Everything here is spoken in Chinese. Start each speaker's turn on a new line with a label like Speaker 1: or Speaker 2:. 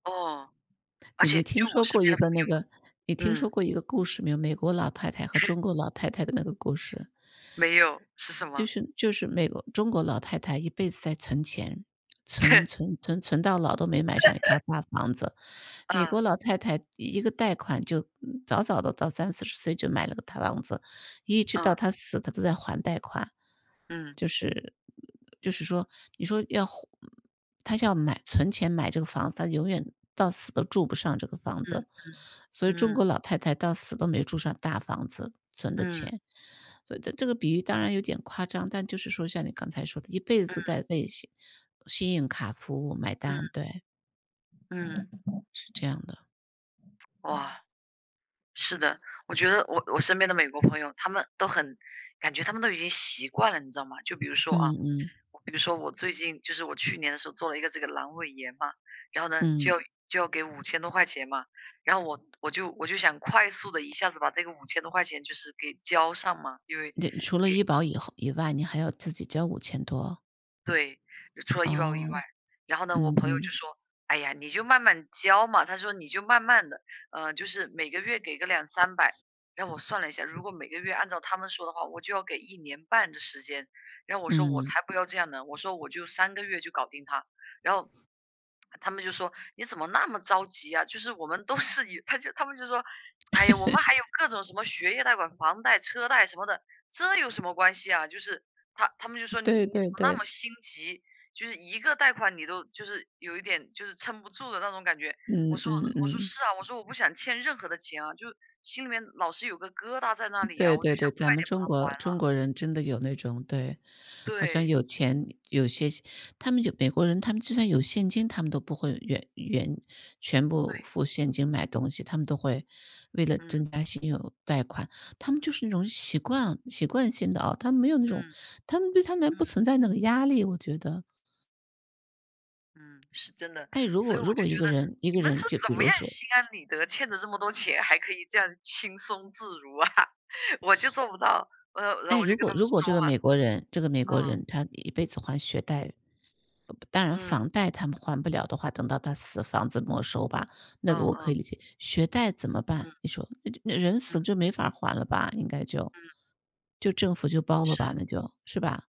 Speaker 1: 哦，而
Speaker 2: 你
Speaker 1: 且
Speaker 2: 你听
Speaker 1: 就我
Speaker 2: 说
Speaker 1: 身
Speaker 2: 过一
Speaker 1: 边的
Speaker 2: 个那个你
Speaker 1: 朋
Speaker 2: 听
Speaker 1: 友
Speaker 2: 说
Speaker 1: 嗯。
Speaker 2: 过一个故事没有，美国老太太和中国老太太的那个故事。
Speaker 1: 没有，是什
Speaker 2: 就
Speaker 1: 么？
Speaker 2: 是就是美国中国老太太一辈子在存钱，存、存、存、存到老都没买上1套大房子，美国
Speaker 1: 啊。
Speaker 2: 老太太1个贷款就早早地到3、40岁就买了个套房子，一直到
Speaker 1: 嗯。
Speaker 2: 她死她都在还贷款。
Speaker 1: 嗯。
Speaker 2: 就是就是说你说要还她要买存钱买这个房子，她永远到死都住不上这个房
Speaker 1: 嗯
Speaker 2: 子，所以
Speaker 1: 嗯，
Speaker 2: 中
Speaker 1: 嗯。
Speaker 2: 国老太太到死都没住上大房子，存的
Speaker 1: 嗯。
Speaker 2: 钱。所以这个比喻当然有点夸张，但就是说像你刚才说的一辈
Speaker 1: 嗯。
Speaker 2: 子都在为信信用卡服务买单，
Speaker 1: 嗯。
Speaker 2: 对。
Speaker 1: 嗯。
Speaker 2: 是这样的。
Speaker 1: 哇。是的，我觉得我我身边的美国朋友，他们都很感觉他们都已经习惯了，你知道吗？就比如说，啊，
Speaker 2: 嗯嗯。
Speaker 1: 比如说我最近，就是我去年的时候做了一个这个阑尾炎嘛。然后呢，就
Speaker 2: 嗯。
Speaker 1: 要就要给5000多块钱嘛，然后我我就我就想快速地一下子把这个5000多块钱就是给交上嘛，因为
Speaker 2: 对除了
Speaker 1: 给
Speaker 2: 医保以后以外，你还要自己交5000多。
Speaker 1: 对，除了医保以外，
Speaker 2: 哦，
Speaker 1: 然后呢，我
Speaker 2: 嗯
Speaker 1: 朋友就
Speaker 2: 嗯。
Speaker 1: 说：“哎呀，你就慢慢交嘛。“他说：”你就慢慢地啊，就是每个月给个2、300。”然后我算了一下，如果每个月按照他们说的话，我就要给1年半的时间，然后我说：“我
Speaker 2: 嗯。
Speaker 1: 才不要这样呢，”我说：“我就3个月就搞定它，”然后他们就说：“你怎么那么着急啊，就是我们都是以” 他就他们就说：”唉呀，我们还有各种什么学业贷款、房贷、车贷什么的，这有什么关系啊？”就是他他们就说：“你
Speaker 2: 对对
Speaker 1: 怎么那
Speaker 2: 对。
Speaker 1: 么心急，就是1个贷款你都就是有一点就是撑不住的那种感觉。”我
Speaker 2: 嗯
Speaker 1: 说
Speaker 2: 嗯
Speaker 1: 我说：”
Speaker 2: 嗯。
Speaker 1: 是啊，我说我不想欠任何的钱啊，就心里面老是有个疙瘩在那里
Speaker 2: 对
Speaker 1: 啊，我就
Speaker 2: 对
Speaker 1: 想
Speaker 2: 对，咱
Speaker 1: 快
Speaker 2: 们
Speaker 1: 点把
Speaker 2: 中
Speaker 1: 它
Speaker 2: 国
Speaker 1: 还
Speaker 2: 中
Speaker 1: 了。“
Speaker 2: 国人真的有那种对，好像
Speaker 1: 对。
Speaker 2: 有钱有些他们就美国人，他们就算有现金，他们都不会原原全部
Speaker 1: 对。
Speaker 2: 付现金买东西，他们都会为了
Speaker 1: 嗯。
Speaker 2: 增加信用贷款他们就是那种
Speaker 1: 嗯。
Speaker 2: 习惯习惯性的啊，他们没有那种
Speaker 1: 嗯。
Speaker 2: 他们对他们不
Speaker 1: 嗯。
Speaker 2: 存在那个压力，我觉得。
Speaker 1: 嗯，是真的。
Speaker 2: 唉，如
Speaker 1: 所
Speaker 2: 果
Speaker 1: 以我
Speaker 2: 如果，
Speaker 1: 就
Speaker 2: 一
Speaker 1: 觉
Speaker 2: 个
Speaker 1: 得：
Speaker 2: 人一个
Speaker 1: “你们是
Speaker 2: 人就
Speaker 1: 怎
Speaker 2: 比
Speaker 1: 么
Speaker 2: 如
Speaker 1: 样
Speaker 2: 说
Speaker 1: 心安理得，欠了这么多钱，还可以这样轻松自如啊！” 我就做不到，呃，然后然后
Speaker 2: 唉，
Speaker 1: 我
Speaker 2: 如
Speaker 1: 就跟
Speaker 2: 果
Speaker 1: 他们
Speaker 2: 如果
Speaker 1: 说
Speaker 2: 这个美国人这个美
Speaker 1: 嘛。
Speaker 2: 国
Speaker 1: 哦。
Speaker 2: 人他一辈子还学贷，当然
Speaker 1: 嗯。
Speaker 2: 房贷他们还不了的话，等到他死，房子没收吧，那个
Speaker 1: 嗯
Speaker 2: 我可
Speaker 1: 嗯。
Speaker 2: 以理解。学贷怎么办？
Speaker 1: 嗯。
Speaker 2: 你说？那人死
Speaker 1: 嗯。
Speaker 2: 就没法儿还了吧，应该就
Speaker 1: 嗯。
Speaker 2: 就政府就包了吧，
Speaker 1: 是。
Speaker 2: 那就，是吧？